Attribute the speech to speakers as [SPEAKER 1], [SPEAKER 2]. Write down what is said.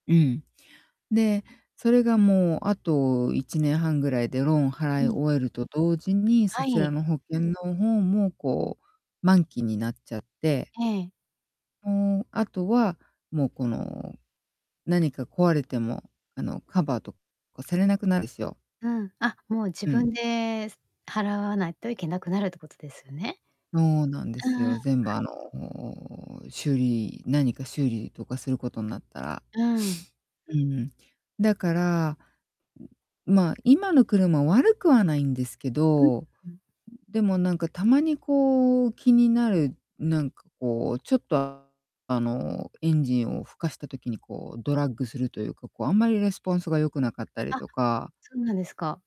[SPEAKER 1] うん。で、それがもう、あと1年半ぐらいでローンを
[SPEAKER 2] う
[SPEAKER 1] 払い
[SPEAKER 2] ん。
[SPEAKER 1] 終えると同時に、そ
[SPEAKER 2] は
[SPEAKER 1] ちら
[SPEAKER 2] い。
[SPEAKER 1] の保険の方も、こう、満期になっちゃって。
[SPEAKER 2] ええ。
[SPEAKER 1] うーん、あとはもう、この、何か壊れても、あの、カバーとかされなくなるすよ。
[SPEAKER 2] うん、あ、もう自
[SPEAKER 1] うん。
[SPEAKER 2] 分で、す払わないといけなくなるってことですよね？
[SPEAKER 1] そうなんで
[SPEAKER 2] うんう
[SPEAKER 1] す
[SPEAKER 2] ん。は
[SPEAKER 1] よ。
[SPEAKER 2] い。
[SPEAKER 1] 全部、あの、修理何か修理とかすることんなったら。
[SPEAKER 2] うーん。
[SPEAKER 1] うーん。だから、ん、まあ、今の車、悪くはないんですけ
[SPEAKER 2] うん。
[SPEAKER 1] ど、ん、
[SPEAKER 2] うん。
[SPEAKER 1] でも、なんか、たまに、こう、気になる、なんか、こう、ちょっと、あの、エンジンをふかした時に、こう、ドラッグするというか、こう、あんまりレスポンスが良くなかったり
[SPEAKER 2] あ、
[SPEAKER 1] とか。
[SPEAKER 2] そうなんですか。